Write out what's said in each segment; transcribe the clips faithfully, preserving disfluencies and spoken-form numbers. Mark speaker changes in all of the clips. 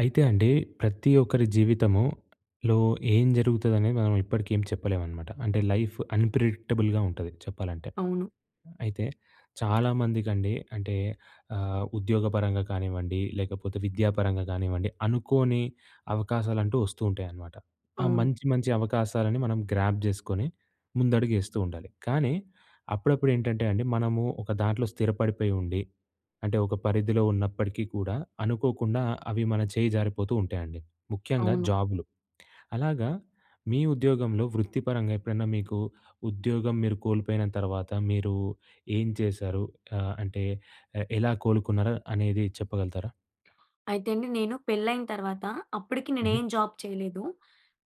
Speaker 1: అయితే అండి ప్రతి ఒక్కరి జీవితములో ఏం జరుగుతది? అనేది మనం ఇప్పటికి ఏం చెప్పలేము అనమాట. అంటే లైఫ్ అన్ప్రెడిక్టబుల్‌గా ఉంటది చెప్పాలంటే.
Speaker 2: అవును.
Speaker 1: హ్మ్. అయితే చాలామందికి అండి. అంటే, అహ్, ఉద్యోగపరంగా కానివ్వండి, లేకపోతే విద్యాపరంగా కానివ్వండి, అనుకోని అవకాశాలంటూ వస్తూ ఉంటాయి అనమాట. ఆ
Speaker 2: అవును.
Speaker 1: మంచి, మంచి అవకాశాలను మనం గ్రాబ్ చేసుకొని, ముందడుగు ఏస్తూ ఉండాలి. కానీ అప్పుడప్పుడు ఏంటంటే అండి. మనము ఒక దాంట్లో స్థిరపడిపోయి ఉండి, అంటే ఒక పరిధిలో ఉన్నప్పటికీ కూడా అనుకోకుండా అవి మన చేయి జారిపోతూ ఉంటాయండి. ముఖ్యంగా
Speaker 2: అవును.
Speaker 1: జాబ్‌లు. అలాగా మీ ఉద్యోగంలో వృత్తిపరంగా ఎప్పుడైనా మీకు ఉద్యోగం మీరు కోల్పోయిన తర్వాత, మీరు ఏం చేశారు, ఆహ్, అంటే ఎలా కోలుకున్నారు అనేది చెప్పగలుగుతారా?
Speaker 2: అయితే అండి నేను పెళ్లి అయిన తర్వాత, అప్పటికి నేను
Speaker 1: హుహు.
Speaker 2: ఎం జాబ్ చేయలేదు.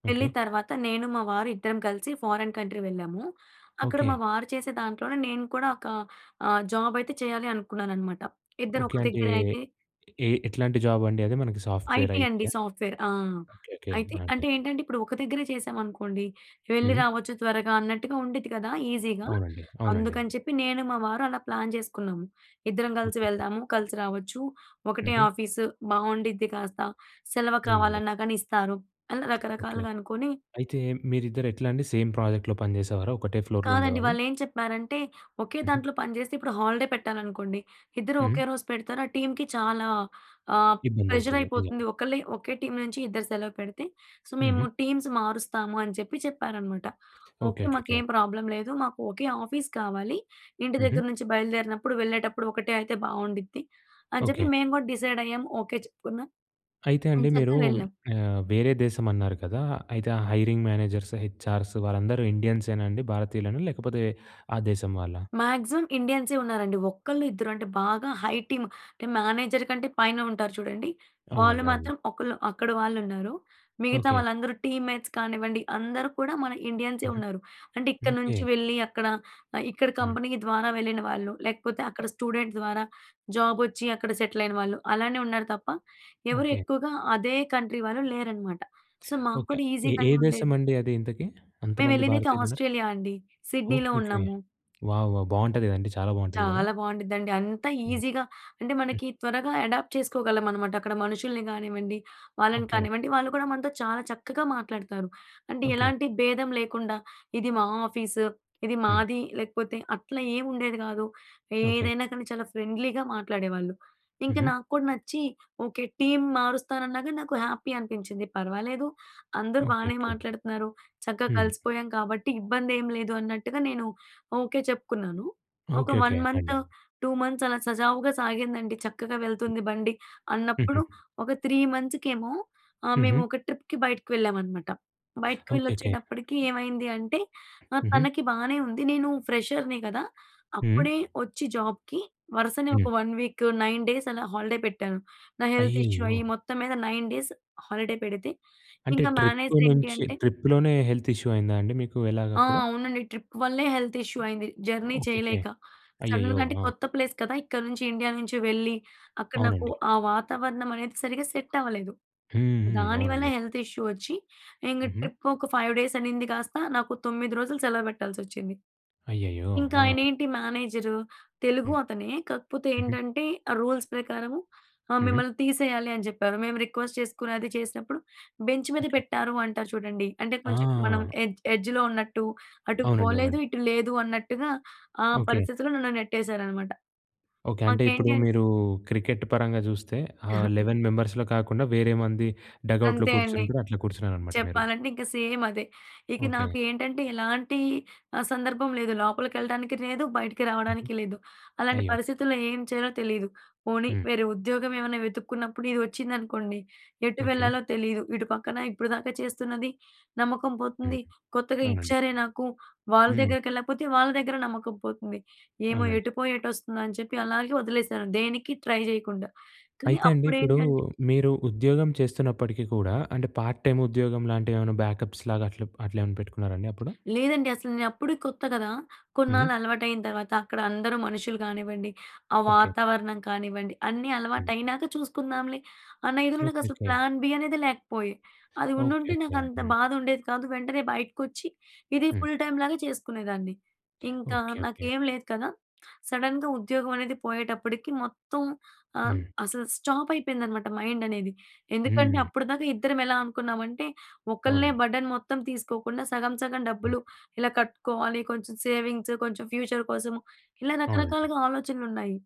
Speaker 2: పెళ్లి
Speaker 1: ఓకె.
Speaker 2: తర్వాత నేను, మా వారు ఇద్దరం కలిసి ఫోరిన్ కంట్రీ వెళ్ళాము. అక్కడ మా
Speaker 1: ఓకె.
Speaker 2: వారు చేసే దాంట్లోనే నేను కూడా ఒక ఆహ్, జాబ్ అయితే చేయాలి అనుకున్నాను అన్నమాట. ఇద్దరు
Speaker 1: ఓకె.
Speaker 2: ఒక
Speaker 1: అంటే
Speaker 2: దగ్గరే అయితే
Speaker 1: ఎ ఎట్లాంటి జాబ్ అండి? అదే మనకి సాఫ్ట్‌వెర్
Speaker 2: ఐటీ
Speaker 1: ఐటీ
Speaker 2: అండి.
Speaker 1: ఆ!
Speaker 2: సాఫ్ట్‌వెర్ ఆ!
Speaker 1: ఓకె. ఓకె.
Speaker 2: అయితే
Speaker 1: అదే.
Speaker 2: అంటే ఏంటంటే, ఇప్పుడు ఒక దగ్గరే చేశామనుకోండి వెళ్ళి,
Speaker 1: హ్మ్.
Speaker 2: రావచ్చు త్వరగా అన్నట్టుగా ఉండిద్ది కదా! ఈజీగా.
Speaker 1: అవునండి. అవునండి.
Speaker 2: అందుకని చెప్పి నేను, మా వారు అలా ప్లాన్ చేసుకున్నాము. ఇద్దరం కలిసి
Speaker 1: ఒకెకె.
Speaker 2: వెళ్దాము. కలిసి రావచ్చు. ఒకటే
Speaker 1: హుహు.
Speaker 2: ఆఫీస్ బావుండిద్ది. కాస్త సెలవు
Speaker 1: అవునండి.
Speaker 2: కావాలన్నా గానీ ఇస్తారు. అని
Speaker 1: ఓకె.
Speaker 2: రకరకాలుగా అనుకోని
Speaker 1: అయితే మీరిద్దరూ ఎట్లా అండి? సేమ్ ప్రాజెక్ట్‌లో పని చేసేవారా? ఒకటే ఫ్లోర్‌లో
Speaker 2: కాదండి.
Speaker 1: ఉండేవాళ్లా?
Speaker 2: వాళ్ళు ఏం చెప్పారంటే, ఒకే
Speaker 1: హుహు.
Speaker 2: దాంట్లో పనిచేస్తే ఇప్పుడు హాలిడే పెట్టాలనుకోండి. ఇద్దరు
Speaker 1: హ్మ్.
Speaker 2: ఒకే రోజు పెడతారు. ఆ టీమ్‌కి చాలా ఆహ్,
Speaker 1: ఇబ్బంది
Speaker 2: ప్రెజర్
Speaker 1: అవుతది.
Speaker 2: అయిపోతుంది.
Speaker 1: నిజమే.
Speaker 2: ఒకళ్ళే ఒకే టీమ్ నుంచి ఇద్దరు సెలవు పెడితే, సో, మేము
Speaker 1: హుహు.
Speaker 2: టీమ్స్ మారుస్తాము అని చెప్పి, చెప్పారనమాట. ఓకె.
Speaker 1: ఓకెకె.
Speaker 2: మాకేం ప్రాబ్లం లేదు. మాకు ఒకే ఆఫీస్ కావాలి. ఇంటి
Speaker 1: హుహు.
Speaker 2: దగ్గర నుంచి బయలుదేరినప్పుడు, వెళ్ళేటప్పుడు ఒకటే అయితే బావుండిద్ది. అని చెప్పి
Speaker 1: ఓకె.
Speaker 2: మేము కూడా డిసైడ్ అయ్యాము. ఓకె. చెప్పుకున్నాం
Speaker 1: అయితే
Speaker 2: ఏం
Speaker 1: అండి. మీరు
Speaker 2: చక్కగా వెళ్ళాం.
Speaker 1: ఆహ్, వేరే దేశం అన్నారు కదా! అయితే హైరింగ్ మేనేజర్స్, హెచ్ఆర్సు వాళ్ళందరూ ఇండియన్సేనా అండి, భారతీయులెనా లేకపోతే ఆ దేశం వాళ్ళా?
Speaker 2: మాక్సిమం ఇండియన్సే ఉన్నారండి. ఒక్కళ్ళు, ఇద్దరు అంటే బాగా హై టీమ్, టిం మేనేజర్ కంటే పైన ఉంటారు చూడండి. వాళ్ళు
Speaker 1: అవునండి.
Speaker 2: మాత్రం
Speaker 1: అవునండి.
Speaker 2: ఒకళ్ళు, అక్కడ వాళ్ళు ఉన్నారు. మిగతా
Speaker 1: ఓకె.
Speaker 2: వాళ్ళందరూ టీమ్‌మేట్స్ కానివ్వండి, అందరూ కూడా మన ఇండియన్సే
Speaker 1: హుహు.
Speaker 2: ఉన్నారు. అంటే ఇక్కడ
Speaker 1: ఓకె.
Speaker 2: నుంచి వెళ్ళి అక్కడ, ఇక్కడ
Speaker 1: హ్మ్.
Speaker 2: కంపెనీ ద్వారా వెళ్ళిన వాళ్ళు, లేకపోతే అక్కడ స్టూడెంట్ ద్వారా జాబ్ వచ్చి అక్కడ సెటిల్ అయిన వాళ్ళు. అలానే ఉన్నారు. తప్ప ఎవరు
Speaker 1: ఓకె.
Speaker 2: ఎక్కువగా అదే కంట్రీ వాళ్ళు లేరనమాట. సో, మాకు
Speaker 1: ఓకె.
Speaker 2: కూడా
Speaker 1: ఎ, ఏ
Speaker 2: ఈజీ‌గానే
Speaker 1: దేశం
Speaker 2: ఉండేది.
Speaker 1: అండి అది? ఇంతకీ
Speaker 2: మేము
Speaker 1: అంతమంది
Speaker 2: ఎళ్ళిందైతే
Speaker 1: భారతీయులు ఉన్నారు?
Speaker 2: ఆస్ట్రేలియా అండి.
Speaker 1: ఓకె.
Speaker 2: సిడ్నీలో
Speaker 1: ఓకె.
Speaker 2: ఉన్నాము.
Speaker 1: వావ్! వావ్! బావుంటది కదండీ. చాలా బావుంటది కదా!
Speaker 2: చాలా బావుండిది అండి. అంత
Speaker 1: హ్మ్.
Speaker 2: ఈజీగా అంటే మనకి
Speaker 1: హుహు.
Speaker 2: త్వరగా అడాప్ట్ చేసుకోగలం అనమాట. అక్కడ మనుషుల్ని కానివ్వండి, వాళ్ళని
Speaker 1: ఓకె.
Speaker 2: కానివ్వండి. వాళ్ళు కూడా మనతో చాలా చక్కగా మాట్లాడతారు. అంటే
Speaker 1: ఓకె.
Speaker 2: ఎలాంటి భేదం లేకుండా, ఇది మా ఆఫీసు. ఇది
Speaker 1: హ్మ్.
Speaker 2: మాది లేకపోతే, అట్లా ఏమి ఉండేది కాదు. ఏదైనా
Speaker 1: ఓకెకె.
Speaker 2: కానీ చాలా ఫ్రెండ్లీగా మాట్లాడేవాళ్ళు. ఇంక
Speaker 1: హుహు.
Speaker 2: నాకు కూడా నచ్చి ఓకె. టీమ్ మారుస్తానన్నాగాని, నాకు హ్యాపీ అనిపిచ్చింది. పర్వాలేదు. అందరూ బానే
Speaker 1: ఓకెకె.
Speaker 2: మాట్లాడుతున్నారు. చక్కగా
Speaker 1: హ్మ్.
Speaker 2: కలిసిపోయాం కాబట్టి ఇబ్బంది ఏమి లేదు అన్నట్టుగా నేను ఓకె. చెప్పుకున్నాను. ఒక వన్
Speaker 1: ఓకెకె
Speaker 2: మంత్,
Speaker 1: అండె.
Speaker 2: టూ మంత్స్ అలా సజావుగా సాగిందండి. చక్కగా వెళ్తుంది బండి అన్నప్పుడు
Speaker 1: హుహు.
Speaker 2: ఒక త్రీ మంత్స్‌కేమో ఆహ్, మేము
Speaker 1: హుహు.
Speaker 2: ఒక ట్రిప్‌కి బయటికి వెళ్ళామనమాట. బయటికి వెళ్ళి
Speaker 1: ఓకె. ఓకె.
Speaker 2: వచ్చేటప్పటికి
Speaker 1: హ్మ్.
Speaker 2: ఏమైంది అంటే, నా
Speaker 1: హుహు.
Speaker 2: తనకి బానే ఉంది. నేను ఫ్రెషర్‍ని కదా!
Speaker 1: హ్మ్.
Speaker 2: అప్పుడే వచ్చి జాబ్‍కి వరుసనే ఒక
Speaker 1: హ్మ్.
Speaker 2: వన్ వీకు, నైన్ డేస్ అలా హాలిడే పెట్టాను. నా హెల్త్ ఇష్యూ
Speaker 1: అయ్యయ్యో!
Speaker 2: అయ్యి మొత్తం మీద నైన్ డేస్ హాలిడే పెడితే,
Speaker 1: అంటే
Speaker 2: ఇంకా
Speaker 1: ట్రిప్
Speaker 2: మేనేజర్ ఏంటి
Speaker 1: నుంచి
Speaker 2: అంటే
Speaker 1: ట్రిప్‌లోనే హెల్త్ ఇష్యూ అయిందా అండి. మీకు ఎలాగ
Speaker 2: ఆ!
Speaker 1: అప్పుడు?
Speaker 2: అవునండి ట్రిప్ వల్లే హెల్త్ ఇష్యూ అయింది. Journey
Speaker 1: okay.
Speaker 2: చేయలేక.
Speaker 1: అయ్యయ్యో!
Speaker 2: సడన్‌గా అంటే
Speaker 1: ఆ!
Speaker 2: కొత్త ప్లేస్ కదా! ఇక్కడ నుంచి, ఇండియా నుంచి వెళ్ళి అక్కడ నాకు
Speaker 1: అవునండి.
Speaker 2: ఆ వాతావరణం అనేది సరిగ్గా సెట్ అవ్వలేదు.
Speaker 1: హ్మ్. హ్మ్.
Speaker 2: దాని వల్ల
Speaker 1: అవునండి.
Speaker 2: హెల్త్ ఇష్యూ వచ్చి, ఇంగ
Speaker 1: హుహు.
Speaker 2: ట్రిప్ ఒక ఫైవ్ డేస్ అనింది కాస్త, నాకు తొమ్మిది రోజులు సెలవు పెట్టాల్సి వచ్చింది.
Speaker 1: అయ్యయ్యో!
Speaker 2: ఇంకా
Speaker 1: ఆ!
Speaker 2: ఆయనేంటి మేనేజరు, తెలుగు
Speaker 1: హ్మ్.
Speaker 2: అతనే కాకపోతే
Speaker 1: హుహు.
Speaker 2: ఏంటంటే ఆ రూల్స్ ప్రకారము ఆహ్,
Speaker 1: హుహు.
Speaker 2: మిమ్మల్ని తీసేయాలి అని చెప్పారు. మేము రిక్వెస్ట్ చేసుకుని అది చేసినప్పుడు, బెంచ్ మీద
Speaker 1: ఓకె.
Speaker 2: పెట్టారు అంటారు చూడండి. అంటే కొంచెం మనం
Speaker 1: ఆ!
Speaker 2: ఎడ్జ్ ఎడ్జ్‌లో ఉన్నట్టు. అటు
Speaker 1: అవునండి. అవునండి.
Speaker 2: పోలేదు, ఇటు లేదు అన్నట్టుగా, ఆ
Speaker 1: ఓకె.
Speaker 2: పరిస్థితిలో నన్ను నెట్టేశారనమాట.
Speaker 1: ఓకె. అంటే ఇప్పుడు
Speaker 2: మాకేంటి అంటే
Speaker 1: మీరు క్రికెట్ పరంగా చూస్తే, ఆ లెవెన్ మెంబర్స్‌లో కాకుండా వేరే మంది, డగౌట్‌లో
Speaker 2: అంతే అండి.
Speaker 1: కూర్చున్నప్పుడు అట్లా కూర్చున్నారనమాట మీరు.
Speaker 2: చెప్పాలంటే ఇంక సేమ్ అదే. ఇక
Speaker 1: ఓకె.
Speaker 2: నాకు ఏంటంటే, ఎలాంటి ఆ! సందర్భం లేదు. లోపలికెళ్ళడానికి లేదు. బయటికి
Speaker 1: హుహు.
Speaker 2: రావడానికి లేదు. అలాంటి
Speaker 1: అయ్యో!
Speaker 2: పరిస్థితుల్లో ఏం చేయాలో తెలీదు? పోనీ
Speaker 1: హ్మ్.
Speaker 2: వేరే ఉద్యోగం ఏమన్నా వెతుక్కున్నప్పుడు ఇది వచ్చిందనుకోండి. ఎటు
Speaker 1: ఓకె.
Speaker 2: వెళ్ళాలో తెలీదు. ఇటు పక్కన ఇప్పటిదాకా చేస్తున్నది నమ్మకం
Speaker 1: హుహు.
Speaker 2: పోతుంది. కొత్తగా
Speaker 1: అవునండి.
Speaker 2: ఇచ్చారే నాకు, వాళ్ళ
Speaker 1: హ్మ్.
Speaker 2: దగ్గరకి ఎళ్ళకపోతే వాళ్ళ దగ్గర నమ్మకం పోతుంది. ఏమో
Speaker 1: అవునండి.
Speaker 2: ఎటు పోయి, ఎటు వస్తుందా అని చెప్పి అలాగే వదిలేసాను. దేనికి ట్రై చేయకుండా. కానీ
Speaker 1: అయితే అండి. ఇప్పుడు
Speaker 2: అప్పుడేంటంటే
Speaker 1: మీరు ఉద్యోగం చేస్తున్నప్పటికీ కూడా, అంటే పార్ట్ టైమ్ ఉద్యోగం లాంటివి ఏమైనా బ్యాకప్స్‌లాగా అట్ల అట్లేమన్నా పెట్టుకున్నారా అండి అప్పుడు?
Speaker 2: లేదండి అసలు. నేను అప్పుడే కొత్త కదా!
Speaker 1: హుహు.
Speaker 2: కొన్నాళ్ళు అలవాటు అయిన తర్వాత, అక్కడ అందరూ మనుషులు కానివ్వండి, ఆ
Speaker 1: ఓకె.
Speaker 2: వాతావరణం కానివ్వండి, అన్నీ అలవాటు
Speaker 1: హుహు.
Speaker 2: అయినాక చూసుకుందాంలే. అన్న ఇదిలో నాకు అసలు
Speaker 1: ఓకెకె.
Speaker 2: ప్లాన్ బి అనేది లేకపోయే. అది
Speaker 1: ఓకె. ఓకె.
Speaker 2: ఉండుంటే నాకు అంత
Speaker 1: హ్మ్.
Speaker 2: బాధ ఉండేది కాదు. వెంటనే బయటకొచ్చి, ఇది
Speaker 1: హ్మ్.
Speaker 2: ఫుల్ టైమ్ లాగా చేసుకునేదాన్ని. ఇంకా
Speaker 1: ఓకె. ఓకె.
Speaker 2: నాకేమి లేదు కదా! సడన్‌గా ఉద్యోగం అనేది పోయేటప్పటికి మొత్తం ఆహ్,
Speaker 1: హ్మ్.
Speaker 2: అసలు స్టాప్ అయిపోయిందనమాట మైండ్ అనేది. ఎందుకంటే
Speaker 1: హ్మ్.
Speaker 2: అప్పటిదాకా ఇద్దరం ఎలా అనుకున్నామంటే, ఒకల్నే
Speaker 1: అవునండీ.
Speaker 2: బర్డెన్ మొత్తం తీసుకోకుండా సగం, సగం డబ్బులు
Speaker 1: హ్మ్.
Speaker 2: ఇలా కట్టుకోవాలి. కొంచెం సేవింగ్సు, కొంచెం ఫ్యూచర్ కోసము. ఇలా
Speaker 1: అవునండి.
Speaker 2: రకరకాలుగా ఆలోచనలు ఉన్నాయి.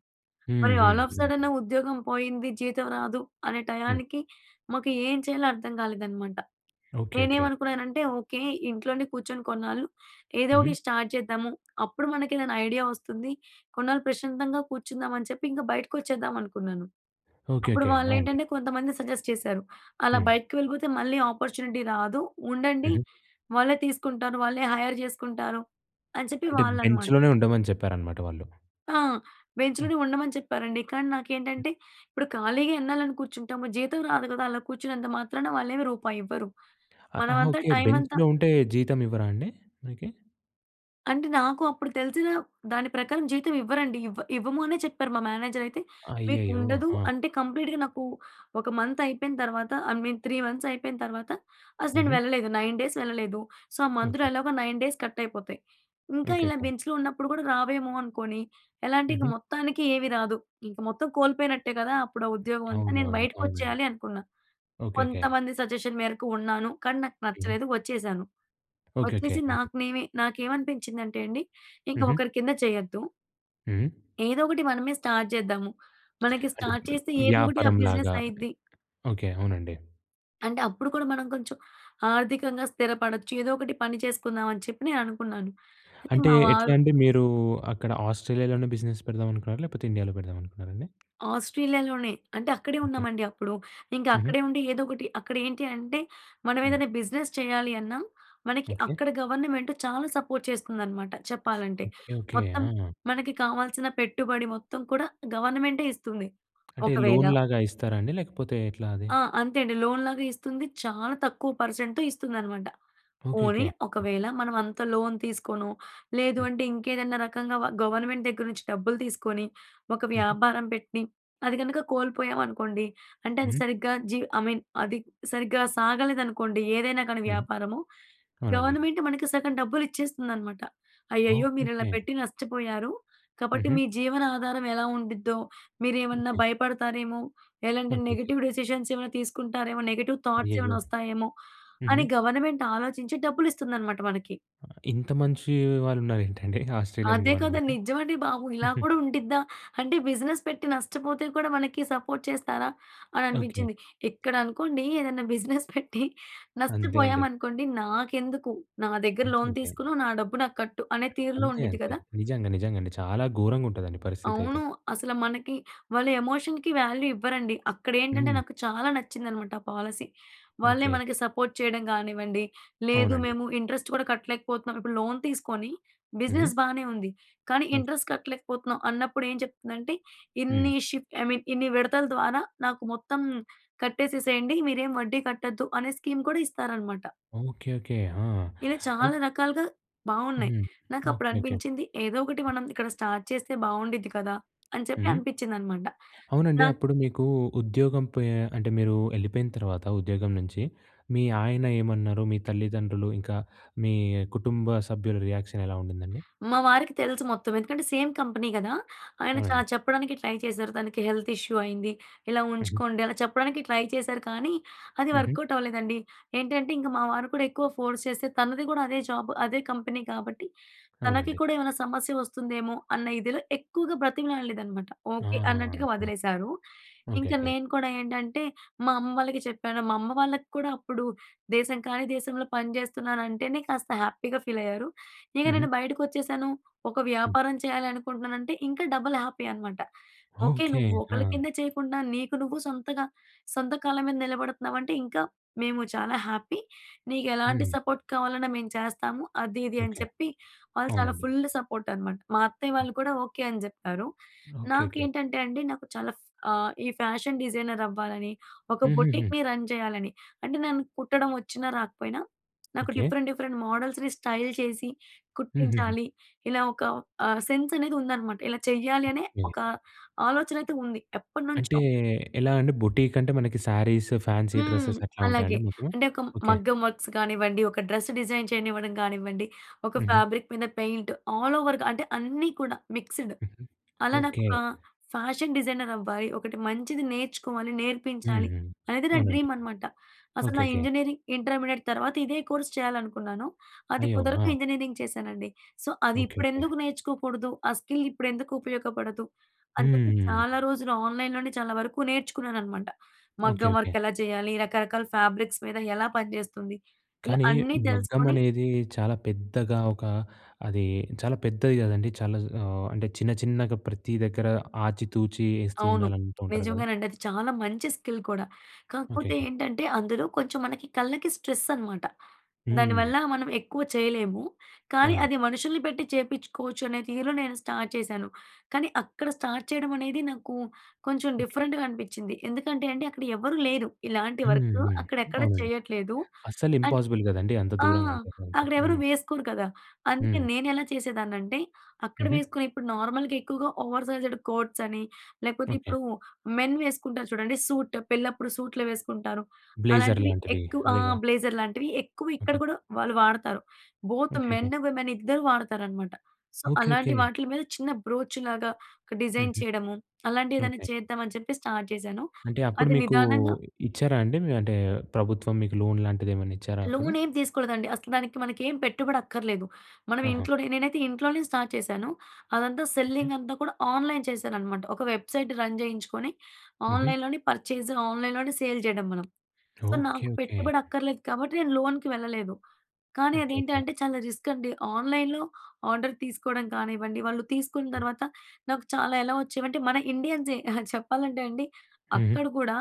Speaker 1: హ్మ్.
Speaker 2: మరి ఆల్ ఆఫ్
Speaker 1: హ్మ్.
Speaker 2: సడెన్ ఉద్యోగం పోయింది. జీతం రాదు. అనే
Speaker 1: హ్మ్.
Speaker 2: టయానికి మాకు ఏం చేయాలో అర్థం కాలేదన్నమాట.
Speaker 1: ఓకె. ఓకె.
Speaker 2: నేనేమనుకున్నానంటే, ఓకె. ఇంట్లోనే కూర్చొని కొన్నాళ్ళు ఏదో ఒకటి
Speaker 1: హుహు.
Speaker 2: స్టార్ట్ చేద్దాము. అప్పుడు మనకు ఏదైనా ఐడియా వస్తుంది. కొన్నాళ్ళు ప్రశాంతంగా కూర్చుందాం, అని చెప్పి ఇంకా బయటకి వచ్చేద్దాం అనుకున్నాను.
Speaker 1: ఓకె.
Speaker 2: అప్పుడు
Speaker 1: ఓకె. ఆ!
Speaker 2: వాళ్ళు
Speaker 1: అండి.
Speaker 2: ఏంటంటే కొంతమంది సజెస్ట్ చేశారు. అలా
Speaker 1: హ్మ్.
Speaker 2: బయటికి వెళ్ళిపోతే మళ్ళీ అపార్చునిటీ రాదు. ఉండండి
Speaker 1: హుహు.
Speaker 2: వాళ్ళే తీసుకుంటారు. వాళ్ళే హైర్ చేసుకుంటారు అని చెప్పి
Speaker 1: అంటే
Speaker 2: వాళ్ళనమాట.
Speaker 1: బెంచ్‌లోనే ఉండమని చెప్పారన్నమాట వాళ్ళు.
Speaker 2: ఆ!
Speaker 1: హ్మ్.
Speaker 2: బెంచ్‌లోనే ఉండమని చెప్పారండి. కానీ
Speaker 1: హ్మ్.
Speaker 2: నాకేంటంటే ఇప్పుడు ఖాళీగా ఎన్నాళ్ళని కూర్చుంటాము. జీతం రాదు కదా! అలా కూర్చున్నంత మాత్రాన, వాళ్ళేమి రూపాయి ఇవ్వరు.
Speaker 1: ఆ! ఆహా!
Speaker 2: మనమంతా
Speaker 1: ఓకె.
Speaker 2: టైమంతా
Speaker 1: బెంచ్‌లో ఉంటే జీతం ఇవ్వరా అండి మనకి?
Speaker 2: అంటే నాకు అప్పుడు తెలిసిన దాని ప్రకారం జీతం ఇవ్వరండి. ఇవ్వ ఇవ్వము అనే చెప్పారు మా మేనేజర్ అయితే. మీకు
Speaker 1: అయ్యయ్యో!
Speaker 2: ఉండదు
Speaker 1: ఆ!
Speaker 2: అంటే కంప్లీట్‌గా నాకు ఒక మంత్ అయిపోయిన తర్వాత ఐ మీన్ త్రీ మంత్స్ అయిపోయిన తర్వాత అసల నేను
Speaker 1: హుహు.
Speaker 2: వెళ్ళలేదు. నైన్ డేస్ వెళ్ళలేదు. సో ఆ మంత్‌లో
Speaker 1: ఓకే.
Speaker 2: ఎలాగో నైన్ డేస్ కట్ అయిపోతాయి. ఇంకా ఇలా
Speaker 1: ఓకేకే.
Speaker 2: బెంచ్‌లో ఉన్నప్పుడు గూడా రావేమో అనుకోని ఎలా అంటే ఇక
Speaker 1: హుహు.
Speaker 2: మొత్తానికి ఏమీ రాదు. ఇంక మొత్తం కోల్పోయినట్టే గదా! అప్పుడు ఆ ఉద్యోగం అంతా నేను
Speaker 1: అవునవును.
Speaker 2: బయటకి
Speaker 1: అవునండి.
Speaker 2: వచ్చేయాలి అనుకున్నా.
Speaker 1: ఓకేకే.
Speaker 2: కొంతమంది సజెషన్ మేరకు ఉన్నాను. కానీ నాకు
Speaker 1: హ్మ్.
Speaker 2: నచ్చలేదు వచ్చేసాను.
Speaker 1: ఓకేకే.
Speaker 2: వచ్చేసి
Speaker 1: ఆ!
Speaker 2: నాకు నేనే నాకేమనిపించిందంటే అండి, ఇంక
Speaker 1: హుహు.
Speaker 2: ఒకరి కింద చేయొద్దు.
Speaker 1: హ్మ్.
Speaker 2: ఏదో ఒకటి మనమే స్టార్ట్ జేద్దాము. మనకి
Speaker 1: అంటే
Speaker 2: స్టార్ట్ చేస్తే ఏదోకటి ఆ
Speaker 1: వ్యాపారం
Speaker 2: బిజినెస్
Speaker 1: లాగా.
Speaker 2: అయిద్ది.
Speaker 1: ఓకే. అవునండి.
Speaker 2: అంటే అప్పుడు కూడా మనం కొంచెం ఆర్థికంగా స్థిరపడొచ్చు ఏదో ఒకటి పని చేసుకుందాం అని చెప్పి నేననుకున్నాను. అయితే
Speaker 1: అంటే
Speaker 2: మా
Speaker 1: ఎట్లా
Speaker 2: వారు
Speaker 1: అండి మీరు అక్కడ ఆస్ట్రేలియాలోనే బిజినెస్ పెడదామనుకున్నారా? లేకపోతే ఇండియాలో పెడదామనుకున్నారా అండి?
Speaker 2: ఆస్ట్రేలియాలోనే అంటే అక్కడే
Speaker 1: ఓకే.
Speaker 2: ఉన్నామండి అప్పుడు. ఇంకా
Speaker 1: హుహు.
Speaker 2: అక్కడే ఉండి ఏదో ఒకటి అక్కడ ఏంటి అంటే మనం
Speaker 1: హ్మ్.
Speaker 2: ఏదైనా బిజినెస్ చేయాలి అన్నా మనకి
Speaker 1: ఓకే.
Speaker 2: అక్కడ గవర్నమెంట్ చాలా సపోర్ట్ చేస్తుందన్నమాట చెప్పాలంటే.
Speaker 1: ఓకే. ఓకే.
Speaker 2: మొత్తం
Speaker 1: ఆ!
Speaker 2: మనకి కావాల్సిన పెట్టుబడి మొత్తం కూడా గవర్నమెంటే ఇస్తుంది.
Speaker 1: అంటే
Speaker 2: ఒకవేళ
Speaker 1: లోన్‌లాగా ఇస్తారా అండి. లేకపోతే ఎట్లా అది?
Speaker 2: ఆ! అంతే అండి లోన్‌లాగా ఇస్తుంది. చాలా తక్కువ పర్సెంట్‌ ఇస్తుందనమాట.
Speaker 1: ఓకే.
Speaker 2: పోనీ
Speaker 1: ఓకే. హ్మ్.
Speaker 2: ఒకవేళ మనం అంత లోన్ తీసుకొనో, లేదు
Speaker 1: హ్మ్.
Speaker 2: అంటే ఇంకేదన్నా రకంగా వ గవర్నమెంట్ దగ్గర నుంచి డబ్బులు తీసుకొని, ఒక
Speaker 1: హుహు.
Speaker 2: వ్యాపారం పెట్టి అది కనుక కోల్పోయామనుకోండి, అంటే అది
Speaker 1: హ్మ్.
Speaker 2: సరిగ్గా జీ ఐ మీన్ అది సరిగ్గా సాగలేదనుకోండి, ఏదైనా గానీ
Speaker 1: హ్మ్.
Speaker 2: వ్యాపారము.
Speaker 1: అవునండి.
Speaker 2: గవర్నమెంట్ మనకి సగం డబ్బులు ఇచ్చేస్తుందన్నమాట. అయ్యయ్యో! మీరు ఇలా
Speaker 1: ఓకేకే.
Speaker 2: పెట్టి నష్టపోయారు, కాబట్టి
Speaker 1: హుహు.
Speaker 2: మీ జీవన ఆనాధారం ఎలా ఉండిద్దో మీరు ఏమన్నా
Speaker 1: ఓకే.
Speaker 2: భయపడతారేమో, ఎలాంటి
Speaker 1: ఓకె. ఓకె.
Speaker 2: నెగెటివ్ డెసిసన్స్ ఏమైనా తీసుకుంటారేమో, నెగెటివ్ థాట్స్
Speaker 1: అయ్యయ్యో!
Speaker 2: ఏమైనా వస్తాయేమో, అని
Speaker 1: హుహు.
Speaker 2: గవర్నమెంట్ ఆలోచించి డబ్బులు ఇస్తుందన్నమాట మనకి.
Speaker 1: ఇంత మంచి వాళ్ళు ఉన్నారేంటండి? ఆస్ట్రేలియన్
Speaker 2: అదే కదా
Speaker 1: గవర్నమెంట్.
Speaker 2: నిజమండి బాబు. ఇలా
Speaker 1: హుహు.
Speaker 2: కూడా ఉండిద్దా, అంటే బిజినెస్ పెట్టి నష్టపోతే కూడా మనకి సపోర్ట్ చేస్తారా? అని
Speaker 1: ఓకే.
Speaker 2: అనిపించింది. ఇక్కడ అనుకోండి ఏదైనా బిజినెస్ పెట్టి
Speaker 1: అంతే అండి.
Speaker 2: నష్టపోయామనుకోండి, నాకెందుకు నా దగ్గర
Speaker 1: అంతే.
Speaker 2: లోన్
Speaker 1: అంతే.
Speaker 2: తీసుకున్నావు నా డబ్బు నాకు కట్టు అనే తీరులో
Speaker 1: అంతే.
Speaker 2: ఉండిద్ది
Speaker 1: అంతే.
Speaker 2: గదా!
Speaker 1: నిజంగా నిజంగండి. చాలా ఘోరంగా ఉంటాదండి పరిస్థితి అయితే.
Speaker 2: అవును. అసలు మనకి వాళ్ళు ఎమోషన్‌కి వాల్యూ ఇవ్వరండి. అక్కడ ఏంటంటే
Speaker 1: హ్మ్.
Speaker 2: నాకు చాలా నచ్చిందనమాట ఆ పాలసీ. వాళ్ళే
Speaker 1: ఓకే.
Speaker 2: మనకి సపోర్ట్ చేయడం గానివ్వండి, లేదు
Speaker 1: అవునండి.
Speaker 2: మేము ఇంట్రెస్ట్ గూడా కట్టలేకపోతున్నాం ఇప్పుడు లోన్ తీసుకొని
Speaker 1: హ్మ్.
Speaker 2: బిజినెస్ బానే ఉంది, కానీ ఇంట్రెస్ట్ కట్టలేకపోతున్నాం అన్నప్పుడు ఏం చెప్తుందంటే ఇన్ని
Speaker 1: హ్మ్.
Speaker 2: షిఫ్ట్ ఐ మీన్ ఇన్ని విడతల ద్వారా నాకు మొత్తం కట్టేసేసేయండి, మీరేం వడ్డీ కట్టొద్దు అనే స్కీమ్ కూడా ఇస్తారనమాట.
Speaker 1: ఓకే. ఓకే. ఆ!
Speaker 2: ఇలా
Speaker 1: అయి
Speaker 2: చాలా రకాలుగా బాగున్నాయి.
Speaker 1: హ్మ్. ఓకే.
Speaker 2: నాకప్పుడు
Speaker 1: ఓకే.
Speaker 2: అనిపించింది ఏదోకటి మనం ఇక్కడ స్టార్ట్ చేస్తే బాగుండిద్ది కదా. అని చెప్పి
Speaker 1: హ్మ్.
Speaker 2: అనిపించిందన్నమాట.
Speaker 1: అవునండి
Speaker 2: నా
Speaker 1: అప్పుడు మీకు ఉద్యోగం పొయి అంటే మీరు యెళ్ళిపోయిన తర్వాత ఉద్యోగం నుంచి మీ ఆయన ఏమన్నారు? మీ తల్లిదండ్రులు ఇంకా మీ కుటుంబ సభ్యుల రియాక్షన్ ఎలా ఉండిందండి?
Speaker 2: మా వారికి తెలుసు మొత్తం ఎందుకంటే సేమ్ కంపెనీ గదా. ఆయన చాలా
Speaker 1: అవునండి.
Speaker 2: చెప్పడానికి ట్రై చేశారు. తనకి హెల్త్ ఇష్యూ అయింది ఇలా
Speaker 1: హుహు.
Speaker 2: ఉంచుకోండి అలా చెప్పడానికి ట్రై చేశారు కానీ, అది
Speaker 1: హుహు.
Speaker 2: వర్కౌట్ అవ్వలేదండి. ఏంటంటే ఇంక మా వారు కూడా ఎక్కువ ఫోర్స్ చేస్తే తనది కూడా అదే జాబ్ అదే కంపెనీ కాబట్టి, తనకి
Speaker 1: అవునండి.
Speaker 2: కూడా ఏమైనా సమస్య వస్తుందేమో అన్న ఇదిలో ఎక్కువగా బ్రతిమలాడలేదనమాట. ఓకే.
Speaker 1: ఆహా!
Speaker 2: అన్నట్టుగా వదిలేశారు. ఇంక
Speaker 1: ఓకేకే.
Speaker 2: నేను కూడా ఏంటంటే మా అమ్మ వాళ్ళకి చెప్పాను. మా అమ్మ వాళ్ళకి కూడా అప్పుడు దేశం కానీ దేశంలో పని జేస్తున్నాను అంటేనే కాస్త హ్యాపీగా ఫీల్ అయ్యారు. ఇక
Speaker 1: హుహు.
Speaker 2: నేను బయటకి వచ్చేసాను ఒక
Speaker 1: హ్మ్.
Speaker 2: వ్యాపారం చేయాలనుకుంటున్నానంటే ఇంకా డబుల్ హ్యాపీ అనమాట. ఓకే.
Speaker 1: ఓకే.
Speaker 2: నువ్వు ఒకళ్ళ
Speaker 1: ఆ!
Speaker 2: కింద చేయకుండా నీకు నువ్వు సొంతగా సొంత కాళ్ళ మీద నిలబడుతున్నావంటే ఇంకా మేము చాలా హ్యాపీ. నీకు ఎలాంటి
Speaker 1: హ్మ్.
Speaker 2: సపోర్ట్ కావాలన్నా మేము చేస్తాము. అది ఇది అని
Speaker 1: ఓకే.
Speaker 2: చెప్పి వాళ్ళు చాలా
Speaker 1: అవునండి.
Speaker 2: ఫుల్ సపోర్ట్ అనమాట. మా అత్తయ్య వాళ్ళు కూడా ఓకే అని జెప్పారు.
Speaker 1: ఓకే
Speaker 2: నాకు
Speaker 1: ఓకే.
Speaker 2: ఏంటంటే అండి నాకు చాలా ఫా ఈ ఫ్యాషన్ డిజైనర్ అవ్వాలని ఒక
Speaker 1: హుహుహు.
Speaker 2: బొటిక్‌ని రన్ చేయాలని. అంటే నన్ను కుట్టడం వచ్చినా రాకపోయినా, నాకు
Speaker 1: ఓకే.
Speaker 2: డిఫరెంట్ డిఫరెంట్ మోడల్స్‌ని స్టైల్ చేసి
Speaker 1: హూహూహు.
Speaker 2: కుట్టించాలి ఇలా ఒక ఆ సెన్స్ అనేది ఉందన్నమాట. ఇలా చేయ్యాలనే
Speaker 1: ఓకే.
Speaker 2: ఒక ఆలోచన అయితే ఉంది
Speaker 1: అంటే
Speaker 2: ఎప్పటినుంచో.
Speaker 1: ఎలా అండి? బొటిక్ అంటే మనకి శారీస్, ఫ్యాన్సీ
Speaker 2: హ్మ్.
Speaker 1: డ్రెస్సెస్ అట్లా ఉంటాయండి
Speaker 2: అలాగే
Speaker 1: మీకు?
Speaker 2: అంటే ఒక
Speaker 1: ఓకే.
Speaker 2: మగ్గం వర్క్స్ గానివ్వండి, ఒక డ్రెస్ డిజైన్ చేయనివ్వడం గానివ్వండి, ఒక
Speaker 1: హుహు.
Speaker 2: ఫాబ్రిక్ మీద పెయింట్ ఆల్ ఓవర్‌గా అంటే అన్ని కూడా మిక్స్‌డ్. అలా నాకు
Speaker 1: ఓకే.
Speaker 2: ఒక ఫ్యాషన్ డిజైనర్ అవ్వాలి, ఒకటి మంచిది నేర్చుకోవాలి, నేర్పించాలి
Speaker 1: హుహు.
Speaker 2: అనేది నా
Speaker 1: అవునండి.
Speaker 2: డ్రీమ్ అనమాట. అసలు
Speaker 1: ఓకే.
Speaker 2: నా
Speaker 1: ఓకే.
Speaker 2: ఇంజనీరింగ్ ఇంటర్మీడియట్ తర్వాత ఇదే కోర్స్ చేయాలనుకున్నాను. అది
Speaker 1: అయ్యో!
Speaker 2: కుదరక
Speaker 1: ఆ!
Speaker 2: ఇంజనీరింగ్ చేశానండి. సో అది
Speaker 1: ఓకే. ఓకే.
Speaker 2: ఇప్పుడెందుకు నేర్చుకోకూడదు ఆ స్కిల్ ఇప్పుడెందుకు ఉపయోగపడదు అని చెప్పి
Speaker 1: హ్మ్.
Speaker 2: చాలా రోజులు ఆన్‌లైన్‌లోనే చాలా వరకు నేర్చుకున్నాననమాట.
Speaker 1: ఓకే.
Speaker 2: మగ్గం
Speaker 1: ఓకే.
Speaker 2: వర్క్ ఎలా చేయాలి, రకరకాల ఫ్యాబ్రిక్స్ మీద ఎలా పనిచేస్తుంది, ఇలా
Speaker 1: కానీ
Speaker 2: అన్నీ
Speaker 1: మగ్గం
Speaker 2: తెలుసుకొని
Speaker 1: అనేది చాలా పెద్దగా ఒక అది చాలా పెద్దది గదండీ. చాలా జ్ ఆహ్, అంటే చిన్న చిన్నగా ప్రతి దగ్గర ఆచి తూచి యేస్తూ
Speaker 2: అవును.
Speaker 1: ఉండాలంటు ఉంటారు గదా.
Speaker 2: నిజంగానండి అది చాలా మంచి స్కిల్ కూడా. కాకపోతే
Speaker 1: ఓకేకే.
Speaker 2: ఏంటంటే అందులో కొంచెం మనకి కళ్ళకి స్ట్రెస్ అనమాట.
Speaker 1: హ్మ్.
Speaker 2: దానివల్ల మనం ఎక్కువ చేయలేము. కానీ
Speaker 1: అవునండి.
Speaker 2: అది మనుషుల్ని పెట్టి చేపించుకోవచ్చు అనే తీరు నేను స్టార్ట్ చేశాను. కానీ అక్కడ స్టార్ట్ చేయడం అనేది నాకు కొంచెం
Speaker 1: ఓకే.
Speaker 2: డిఫరెంట్‌గా అనిపిచ్చింది. ఎందుకంటే అండి అక్కడ ఎవరూ లేరు ఇలాంటి వర్క్
Speaker 1: హుహు.
Speaker 2: అక్కడెక్కడ
Speaker 1: అవునండి.
Speaker 2: చేయట్లేదు.
Speaker 1: అస్సలు
Speaker 2: అన్
Speaker 1: ఇంపాసిబుల్ గదండీ అంత
Speaker 2: ఆ!
Speaker 1: దూరం అంటే అంత.
Speaker 2: అక్కడ ఎవరు
Speaker 1: హ్మ్.
Speaker 2: వేసుకోరు కదా! అందుకే
Speaker 1: హ్మ్.
Speaker 2: నేనెలా చేసేదాన్నంటే అక్కడ
Speaker 1: హుహు.
Speaker 2: వేసుకుని ఇప్పుడు నార్మల్‍గా ఎక్కువగా ఓవర్ సైజ్డ్ కోట్స్ అని లేకపోతే
Speaker 1: ఓకే.
Speaker 2: ఇప్పుడు మెన్ వేసుకుంటారు చూడండి సూట్ పెళ్ళప్పుడు సూట్లు వేసుకుంటారు.
Speaker 1: బ్లేజర్
Speaker 2: అలాంటివి
Speaker 1: లాంటివి.
Speaker 2: ఎక్కువ ఆ!
Speaker 1: అదే గదా.
Speaker 2: బ్లేజర్ లాంటివి ఎక్కువ ఇక్కడ
Speaker 1: ఓకే.
Speaker 2: కూడా వాళ్ళు వాడతారు. బోత్
Speaker 1: ఓకేకే.
Speaker 2: మెన్ విమెన్ ఇద్దరూ వాడుతారనమాట. So
Speaker 1: okay.
Speaker 2: అలాంటి
Speaker 1: ఓకే.
Speaker 2: వాటిల మీద చిన్న బ్రోచ్‌లాగా ఒక డిజైన్
Speaker 1: హుహు.
Speaker 2: చేయడము అలాంటివేదైనా
Speaker 1: ఓకే.
Speaker 2: చేద్దాం అని చెప్పి స్టార్ట్ జేశాను.
Speaker 1: అంటే అప్పుడు
Speaker 2: అది
Speaker 1: మీకు
Speaker 2: నిదానంగా
Speaker 1: ఇచ్చారా అండి? మీ అంటే ప్రభుత్వం మీకు లోన్ లాంటిది ఏమన్నా ఇచ్చారా అప్పుడు?
Speaker 2: లోన్ ఏం తీసుకోలేదండి అసలు దానికి మనకేం పెట్టుబడి అక్కర్లేదు. మనం
Speaker 1: ఆహా!
Speaker 2: ఇంట్లో నేనైతే ఇంట్లోనే స్టార్ట్ చేశాను. అదంతా
Speaker 1: ఓకే.
Speaker 2: సెల్లింగ్ అంతా కూడా ఆన్‌లైన్ చేశానన్నమాట. ఒక వెబ్సైట్ రన్ జేయించుకొని
Speaker 1: హుహు.
Speaker 2: ఆన్‌లైన్లోనే పర్చేజ్, ఆన్‌లైన్‌లోనే సేల్ జేయడం మనం. So
Speaker 1: okay.
Speaker 2: నాకు
Speaker 1: ఓకే.
Speaker 2: పెట్టుబడి అక్కర్లేదు కాబట్టి నేను లోన్‍కి వెళ్ళలేదు. కానీ
Speaker 1: ఓకే. ఓకే.
Speaker 2: అదేంటంటే చాలా రిస్క్ అండి. ఆన్‌లైన్‌లో ఆర్డర్ తీసుకోవడం కానివ్వండి. వాళ్ళు తీసుకున్న
Speaker 1: హ్మ్.
Speaker 2: తర్వాత నాకు చాలా ఎలా వచ్చేవంటే మన ఇండియన్సే చెప్పాలంటే అండి
Speaker 1: హుహు.
Speaker 2: అక్కడ కూడా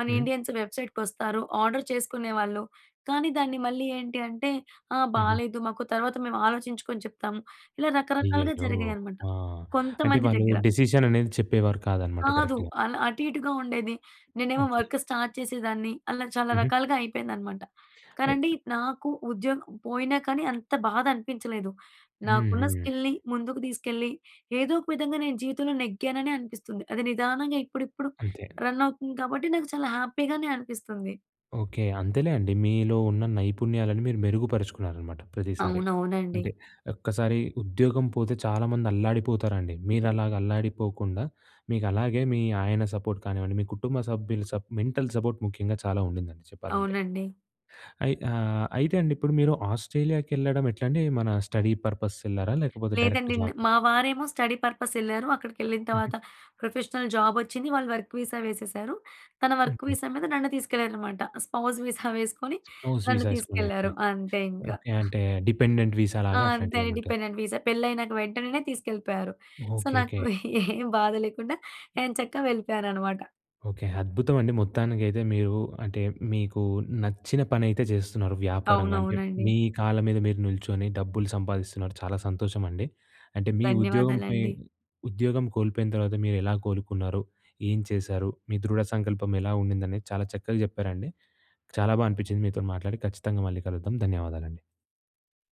Speaker 2: మన
Speaker 1: హ్మ్.
Speaker 2: ఇండియన్స్ వెబ్సైట్‌కి వస్తారు. ఆర్డర్ చేసుకునేవాళ్ళు కానీ దాన్ని మళ్ళీ ఏంటి అంటే ఆహ్,
Speaker 1: హుహు.
Speaker 2: బాలేదు మాకు తర్వాత మేము ఆలోచించుకొని చెప్తాం. ఇలా రకరకాలుగా
Speaker 1: అయ్యయ్యో!
Speaker 2: జరిగాయన్నామట.
Speaker 1: ఆ! అంటే
Speaker 2: కొంతమంది
Speaker 1: వాళ్ళు
Speaker 2: దగ్గర.
Speaker 1: డిసిషన్ అనేది చెప్పేవారు కాదన్నమాట
Speaker 2: కాదు.
Speaker 1: కరెక్ట్‌గా.
Speaker 2: అలా అటు ఇటుగా ఉండేది. నేనేమో
Speaker 1: ఓకే.
Speaker 2: వర్క్ స్టార్ట్ చేసేదాన్ని. అలా చాలా
Speaker 1: హుహు.
Speaker 2: రకాలుగా అయిపోయిందనమాట.
Speaker 1: అయ్
Speaker 2: కానండి నాకు ఉద్యోగం పోయినా కానీ అంత బాధ అనిపించలేదు. నాకున్న
Speaker 1: హుహు.
Speaker 2: స్కిల్‌ని ముందుకు తీసుకెళ్ళి ఏదో ఒక విధంగా నేను జీవితంలో నెగ్గాననే అనిపిస్తుంది. అది నిదానంగా ఇప్పుడిప్పుడు
Speaker 1: అంతే.
Speaker 2: రన్ అవుతుంది కాబట్టి నాకు చాలా హ్యాపీగానే అనిపిస్తుంది.
Speaker 1: ఓకే. అంతేలే అoడి. మీలో ఉన్న నైపుణ్యాలను మీరు మెరుగుపరచుకున్నారనమాట ప్రతిసారి.
Speaker 2: అవునవునండి.
Speaker 1: అంటే ఒక్కసారి ఉద్యోగం పోతే చాలామంది అల్లాడిపోతారండి. మీరు అలాగా అల్లాడిపోకుండా, మీకు అలాగే మీ ఆయన సపోర్ట్ కానివ్వండి, మీ కుటుంబ సభ్యులు సప్ మెంటల్ సపోర్ట్ ముఖ్యంగా చాలా ఉండిందండి, చెప్పాలంటే.
Speaker 2: అవునండి.
Speaker 1: అయి ఆహ్, అయితే అండి ఇప్పుడు మీరు ఆస్ట్రేలియాకి ఎళ్ళడం ఎట్లండి? మన స్టడీ పర్పస్ ఎళ్ళారా? లేకపోతే డైరెక్ట్
Speaker 2: లేదండి,
Speaker 1: జాబ్ ఆ?
Speaker 2: మావారేమో స్టడీ పర్పస్ ఎళ్లారు. అక్కడికి ఎళ్ళిన తర్వాత, ప్రొఫెషనల్ జాబ్ వచ్చింది. వాళ్ళు వర్క్ వీసా వేసేసారు, తన వర్క్
Speaker 1: ఓకే.
Speaker 2: వీసా మీద నన్ను తీసుకెళ్లారు అన్నమాట. స్పౌస్ వీసా వేసుకొని
Speaker 1: స్పౌస్
Speaker 2: నన్ను
Speaker 1: వీసా వేసుకొని ఓకే.
Speaker 2: తీసుకెళ్లారు అంతే ఇంకా.
Speaker 1: ఓకే. అంటే డిపెండెంట్ వీసా
Speaker 2: ఆ!
Speaker 1: లాగా
Speaker 2: అంతే
Speaker 1: అట్లాంటిది ఏమంటారు.
Speaker 2: డిపెండెంట్ వీసా, పెళ్లి అయినాక వెంటనే తీసుకెళ్ళిపోయారు. సో,
Speaker 1: ఓకే,
Speaker 2: నాకు
Speaker 1: ఓకే.
Speaker 2: ఏ బాధ లేకుండా ఎoచక్కా వెళ్ళిపోయాను అనమాట.
Speaker 1: ఓకే, అద్భుతం అండి మొత్తానికైతే మీరు. అంటే మీకు నచ్చిన పని అయితే చేస్తున్నారు వ్యాపారంగా అంటే,
Speaker 2: అవునవునండి.
Speaker 1: మీ కాళ్ళ మీద మీరు నిల్చొని డబ్బులు సంపాదిస్తున్నారు, చాలా సంతోషం అండి. అంటే మీ ఉద్యోగం పై
Speaker 2: ధన్యవాదాలండి.
Speaker 1: ఉద్యోగం కోల్పోయిన తర్వాత మీరు ఎలా కోలుకున్నారు? ఏం చేశారు, మీ దృఢ సంకల్పం ఎలా ఉండింది? అనేది చాలా చక్కగా చెప్పారండి చాలా బాగా అనిపించింది మీతో మాట్లాడి. ఖచ్చితంగా మళ్ళీ కలుద్దాం, ధన్యవాదాలండి.